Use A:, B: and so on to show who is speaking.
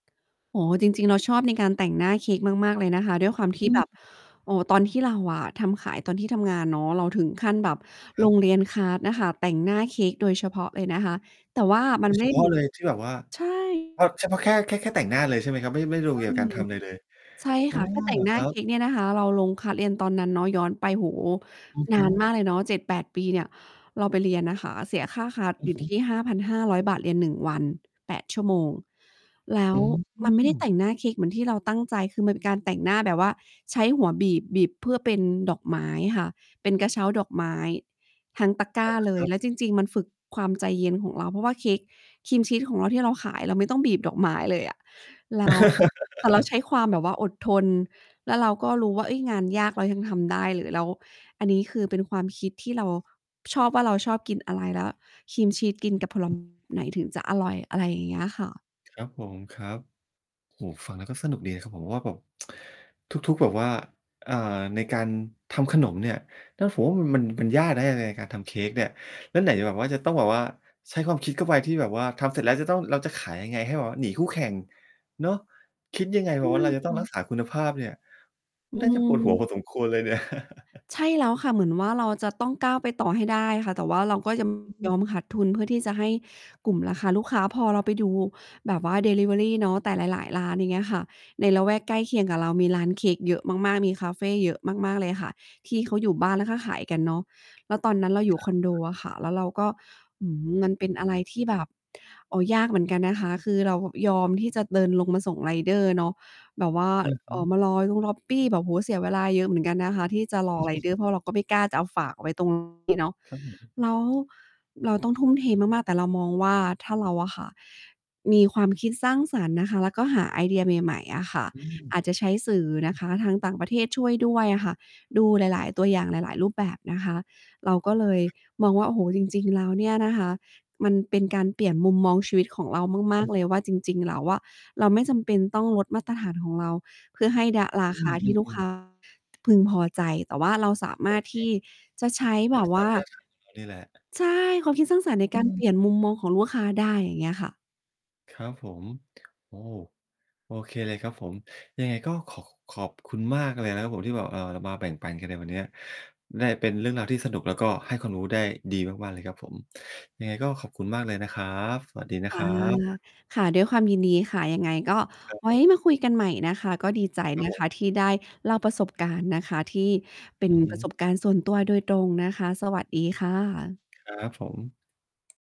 A: อ๋อ จริง ๆ เราชอบในการแต่งหน้าเค้กมาก ๆ เลยนะคะ ด้วยความ
B: อ
A: ที
B: ื
A: ่แบ
B: อ
A: บ โอ้ ตอนที่เราอะทำขาย ตอนที่ทำงานเนาะ เราถึงขั้นแบบ
B: คร
A: ล
B: ับ
A: งเรียน คลาส น่ะค่ะ แต่งหน้าเค้กโดยเฉพาะเลยนะคะ แต่ว่า ม
B: โ
A: ั
B: ด
A: น
B: ยเ
A: ไ
B: ฉ
A: ม่
B: พ
A: เ
B: า
A: หม
B: ะ
A: ือ
B: เล
A: น
B: ย ที่แบบว่า
A: ใช
B: เอ
A: ่
B: าเฉพาะแค่ แค่ แค่แต่งหน้าเลยใช่ไหมครับ? ไม่ ไม่รว
A: ใ
B: ม
A: ช
B: เ
A: ่
B: กี่ยวกับการทำอะไรเลย
A: ใช่
B: อ๋
A: ค
B: อ
A: ่ะ ถ้าแต
B: เ
A: ่
B: หร
A: ง
B: อ
A: หน้
B: ค
A: า
B: รั
A: เค
B: บ?
A: ้กเนี่ยนะคะ เราลง คลาส เรียนตอนนั้นเนาะ ย้อนไป โอ้โฮ
B: อือ
A: น
B: ฮ
A: าน
B: ึ
A: มากเลยเนาะ 7-8 ปีเนี่ย เราไปเรียนนะคะ เสียค่า คลาส
B: อื
A: อ
B: อ
A: ยู่
B: ฮ
A: ท
B: ึ
A: ี่ 5,500 บาท เรียน 1 วัน 8 ชั่วโมง แล้
B: อื
A: วมันไม่ได้แต
B: ม
A: ่งหน้าเค้กเหมือนที่เราตั้งใจ คือมันเป็นการแต่งหน้าแบบว่า ใช้หัวบีบ บีบเพื่อเป็นดอกไม้ค่ะ เป็นกระเช้าดอกไม้ทั้งตะกร้
B: อ
A: า
B: า
A: เล
B: ค
A: ย
B: รับ
A: แล้วจริง ๆ มันฝึกความใจเย็นของเรา เพราะว่า เค้กครีมชีสของเราที่เราขาย เราไม่ต้องบีบดอกไม้เลยอะ แล้ว แต่เราใช้ความแบบว่าอดทน แล้วเราก็รู้ว่า เฮ้ย งานยากเรายังทำได้เลย แล้วอันนี้คือเป็นความคิดที่เราชอบว่า เราชอบกินอะไร แล้วครีมชีสกินกับ ผล ไหนถึงจะอร่อย อะไรอย่างเงี้ยค่ะ
B: ครับผม ครับ โอ้โฮ ฟังแล้วก็สนุกดีนะครับผม ว่าแบบ ทุก ๆ แบบว่า อ่า ในการทำขนมเนี่ย นะ ผมว่ามัน มันยากนะ ใน ในการทำเค้กเนี่ย แล้วไหนจะแบบว่า จะต้องแบบว่าใช้ความคิดเข้าไป ที่แบบว่าทำเสร็จแล้ว เราจะต้อง เราจะขายยังไง ให้แบบว่าหนีคู่แข่งเนาะ คิดยังไง
A: ใช
B: แบ
A: ่
B: บว่าเราจะ
A: ค
B: ต้อ
A: ่
B: งร
A: ะ
B: ักษาคุณภาพเนี่ย
A: อื
B: น่าจะปวดหัวพ
A: ม
B: อสมควรเลยเนี่ย
A: ใช่แล้วค่ะ เหมือนว่าเราจะต้องก้าวไปต่อให้ได้ค่ะ แต่ว่าเราก็ จะ
B: อื
A: ย
B: ม
A: อมขาดทุน เพื่อที่จะให้กลุ่มราคาลูกค้า พอเราไปดูแบบว่าดิลิเวอรีเนาะ แต่หลาย ๆ ร้านอย่างเงี้ยค่ะ ในละแวกใกล้เคียงกับเรา มีร้านเค้กเยอะมาก ๆ มีคาเฟเยอะมาก ๆ เลยค่ะ ที่เขาอยู่บ้าน แล้วก็ขายกันเนาะ แล้วตอนนั้นเราอยู่
B: ค
A: ค
B: รับ
A: อนโด
B: ๆ
A: อะค่ะ แล้วเราก็ หือ มันเป็นอะไรที่แบบ โอ้ ยากเหมือนกันนะคะ คือเรายอมที่จะเดินลงมาส่งไรเดอร์เนาะ แบบว่า
B: อือฮ
A: อ
B: ึ
A: ๋อ มารอตรงล็อบบีแบบ โอ้โฮ เสียเวลาเยอะเหมือนกันนะคะ ที่จะ รอไรเดอร์ เพราะเราก็ไม่กล้าจะเอาฝากไว้ ตรง นี้เนาะ
B: ครับผม
A: แล้วเราต้องทุ่มเทมาก ๆ แต่เรามองว่า ถ้าเราอะค่ะ มีความคิดสร้างสรรค์นะคะ แล้วก็หาไอเดียใหม่ ๆ อะค่ะ
B: อืม
A: อาจจะใช้สื่อนะคะ ทางต่างประเทศช่วยด้วยอะค่ะ ดูหลาย ๆ ตัวอย่าง หลาย ๆ รูปแบบนะคะ เราก็เลย
B: ครับ
A: มองว่า โอ้โฮ จริง ๆ แล้วเนี่ยนะคะ มันเป็นการเปลี่ยนมุมมองชีวิตของเรามาก
B: อือ
A: ๆ เลยว่า จริง ๆ แล้วอะ เราไม่จำเป็นต้องลดมาตรฐานของเรา เพื่อให้ดะ รา
B: อื
A: คาที่ลูก ค
B: อ ๆ
A: ้
B: ๆ
A: า พึงพอใจ แต่ว่าเราสาม
B: โอ
A: ารถ
B: เค
A: ท
B: ครั
A: ี
B: บ
A: ่จะใช้แ
B: ร
A: บ
B: ัก
A: บ
B: ษ
A: ว
B: า
A: ่า
B: มาตรฐานของเรา นี่แหละ
A: ใช่ ความคิดสร้างสรรค์ใน
B: อ
A: การเป
B: ืม
A: ลี่ยนมุมมองของลูกค้าได้ อย่างเงี้ยค่ะ
B: ครับผม โอ้ โอเคเลยครับผม ยังไงก็ขอ ขอบคุณมากเลยนะครับผม ที่แบบ เออ มาแบ่งปันกันในวันเนี้ย ได้เป็นเรื่องราวที่สนุก แล้วก็ให้ความรู้ได้ดีมาก ๆ เลยครับผม ยังไงก็ขอบคุณมากเลยนะครับ สวัสดีนะ
A: อ
B: ค
A: า
B: รับ
A: ค่ะ ด้วยความยินดีค่ะ ยังไงก็
B: ครับ
A: ไว
B: ผ
A: ้
B: ม
A: มาคุยกันใหม่นะคะ ก็ดีใจ
B: ครั
A: น
B: บ
A: ะ
B: ผ
A: ค
B: ม
A: ะที่ได้เล่าประสบการณ์นะคะ ที่เป็
B: อ
A: น
B: ือฮ
A: ป
B: ึ
A: ระสบการณ์ส่วนตัวโดยตรงนะคะ สวัสดีค่ะ
B: ครับผม